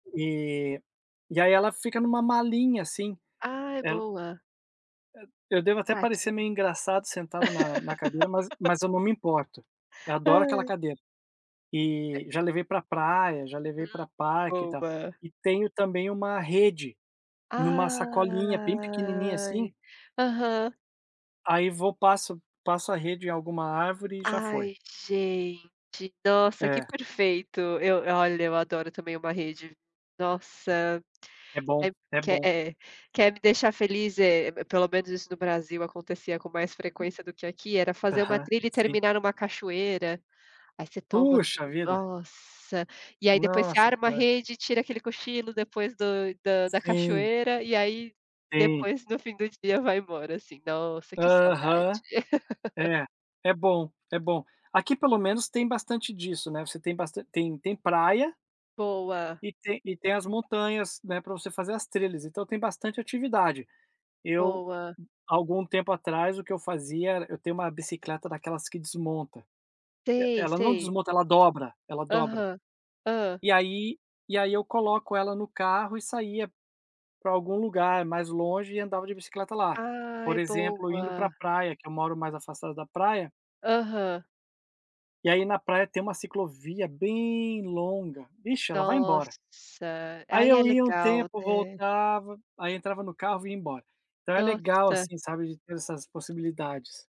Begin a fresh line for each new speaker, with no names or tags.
E e aí ela fica numa malinha assim,
Ah é
ela
boa.
Eu devo até parecer
Prático.
meio engraçado sentado na na cadeira, mas mas eu não me importo, eu adoro aquela
Ai.
cadeira. E já levei pra praia, já levei
Hum,
pra parque e tal.
boa.
E tenho também uma rede, numa sacolinha bem pequenininha assim
Ai aham.
Aí vou passo, passo a rede em alguma árvore e já foi.
Ai gente, nossa que
É.
perfeito, eu olha eu adoro também uma rede, nossa,
É bom, é
quer
bom.
É, quer me deixar feliz é pelo menos isso no Brasil acontecia com mais frequência do que aqui, era fazer uma
Aham,
trilha e
sim.
terminar numa cachoeira, aí você toma
Puxa
aquele
vida.
nossa, e aí depois você
Nossa que.
arma a
[unintelligible]
rede e tira aquele cochilo depois do da da
Sim.
cachoeira e aí
Sim.
depois no fim do dia vai embora, assim, nossa que saudade.
Aham. É. É bom, é bom. Aqui pelo menos tem bastante disso, né, você tem bastan tem tem praia
Boa.
e tem tem as montanhas, né, pra você fazer as trilhas. Então tem bastante atividade. Eu,
Boa.
algum tempo atrás, o que eu fazia era eu tenho uma bicicleta daquelas que desmonta. E
Sei,
ela não
sei.
desmonta, ela dobra, ela dobra.
Aham, hã?
E aí e aí eu coloco ela no carro e saía pra algum lugar mais longe e andava de bicicleta lá.
Ai,
Por exemplo, indo pra
boa.
praia, que eu moro mais afastado da praia
Aham.
E aí na praia tem uma ciclovia bem longa, vixe, ela vai embora.
Nossa,
Aí
aí é
eu ia um
legal,
tempo,
né?
voltava, aí entrava no carro vinha embora. Então é legal
Nossa.
assim, sabe, de ter essas possibilidades.